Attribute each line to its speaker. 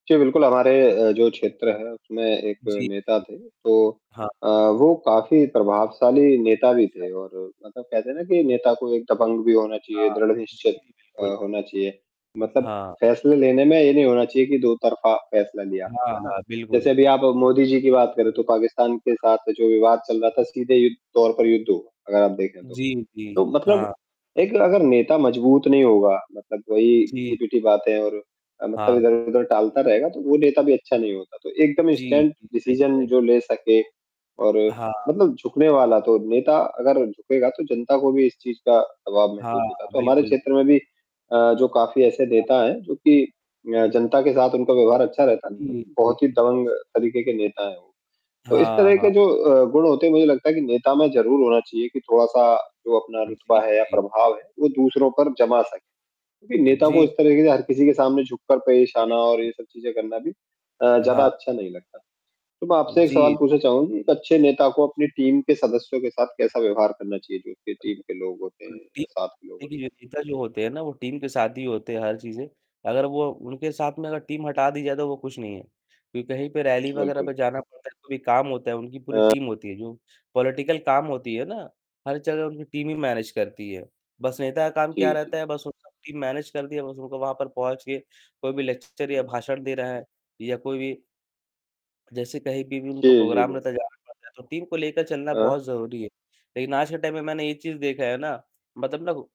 Speaker 1: जी, बिल्कुल हमारे अ, जो क्षेत्र है उसमें एक
Speaker 2: जी,
Speaker 1: नेता
Speaker 2: जी।
Speaker 1: थे तो
Speaker 2: हाँ।
Speaker 1: अ, वो काफ़ी प्रभावशाली नेता भी
Speaker 2: अच्छा।
Speaker 1: थे और मतलब, कहते हैं ना कि नेता को एक दबंग भी होना चाहिए,
Speaker 2: हाँ।
Speaker 1: दृढ़
Speaker 2: जी,
Speaker 1: निश्चित
Speaker 2: जी,
Speaker 1: अ,
Speaker 2: बिल्कुल।
Speaker 1: होना चाहिए, मतलब
Speaker 2: हाँ।
Speaker 1: फ़ैसले लेने में ये नहीं होना चाहिए कि 2 तरफा फ़ैसला लिया।
Speaker 2: हाँ,
Speaker 1: है ना?
Speaker 2: हाँ। बिल्कुल।
Speaker 1: जैसे अभी आप मोदी जी की बात करें, तो पाकिस्तान के
Speaker 2: हाँ।
Speaker 1: साथ जो विवाद चल रहा था सीधे यु तौर पर युद्ध हो अगर आप देखें तो,
Speaker 2: जी,
Speaker 1: तो
Speaker 2: जी।
Speaker 1: मतलब
Speaker 2: हाँ।
Speaker 1: एक अगर नेता मजबूत नहीं होगा मतलब वही
Speaker 2: जी।
Speaker 1: घिसी-पीटी बातें और मतलब
Speaker 2: हाँ।
Speaker 1: इधर-उधर टालता रहेगा, तो वो नेता भी अच्छा नहीं होता। तो एकदम
Speaker 2: जी,
Speaker 1: स्टैंड
Speaker 2: जी, सही कह
Speaker 1: डिसीज़न
Speaker 2: रहे।
Speaker 1: जो ले सके और
Speaker 2: हाँ।
Speaker 1: मतलब झुकने वाला तो नेता अगर झुकेगा तो जनता को भी इस चीज़ का प्रभाव महसूस होता।
Speaker 2: हाँ,
Speaker 1: तो हमारे
Speaker 2: बिल्कुल।
Speaker 1: क्षेत्र में भी अ, जो काफ़ी ऐसे नेता
Speaker 2: हाँ।
Speaker 1: हैं जो कि अ, जनता के साथ उनका व्यवहार अच्छा रहता है।
Speaker 2: जी, जी।
Speaker 1: बहुत ही
Speaker 2: हाँ जी।
Speaker 1: दबंग तरीके के नेता हैं वो। तो इस
Speaker 2: हाँ,
Speaker 1: तरह
Speaker 2: हाँ।
Speaker 1: के जो अ, गुण होते हैं मुझे लगता है कि नेता में ज़रूर होना चाहिए कि थोड़ा-सा जो अपना
Speaker 2: जी,
Speaker 1: रुतबा है या
Speaker 2: जी।
Speaker 1: प्रभाव है, वो दूसरों पर
Speaker 2: बिल्कुल।
Speaker 1: जमा सके। क्योंकि नेता को
Speaker 2: जी।
Speaker 1: इस तरीके से हर किसी के सामने झुककर पेश
Speaker 2: हुँ,
Speaker 1: आना और
Speaker 2: हुँ।
Speaker 1: ये सब चीज़ें करना भी अ, ज़्यादा
Speaker 2: हाँ।
Speaker 1: अच्छा नहीं लगता। तो मैं आपसे एक सवाल
Speaker 2: जी।
Speaker 1: पूछना चाहूँगा कि एक अच्छे नेता
Speaker 2: जी।
Speaker 1: को अपनी टीम के सदस्यों के साथ कैसा व्यवहार करना चाहिए? जो उसके टीम के लोग होते हैं
Speaker 2: जी,
Speaker 1: या साथ के लोग
Speaker 2: [unintelligible]
Speaker 1: हो तो?
Speaker 2: नेता जो होते हैं ना वो टीम के साथ ही होते हैं हर चीज़ें, अगर वो उनके साथ में अगर टीम हटा दी जाए तो वो कुछ नहीं है, कहीं पे रैली वगैरह
Speaker 1: बिल्कुल।
Speaker 2: पर जाना पड़ता है, कोई काम होता है, उनकी पूरी
Speaker 1: अ
Speaker 2: टीम होती है, जो पॉलिटिकल काम होती है ना, हर जगह उनकी टीम ही मैनेज करती है। बस नेता का काम क्या
Speaker 1: जी,
Speaker 2: रहता
Speaker 1: जी।
Speaker 2: है, बस वो सब टीम मैनेज कर दिया, बस उनको वहाँ पर पहुँच के कोई भी लेक्चर या
Speaker 1: हुँ।
Speaker 2: भाषण दे रहे हैं। या कोई भी जैसे कहीं पे भी
Speaker 1: जी,
Speaker 2: उनका
Speaker 1: जी,
Speaker 2: प्रोग्राम रहता
Speaker 1: जी।
Speaker 2: है, जाना पड़ता है तो टीम को लेकर चलना
Speaker 1: अ
Speaker 2: बहुत ज़रूरी है, लेकिन आज के टाइम में मैंने ये चीज़ देखा है ना मतलब ना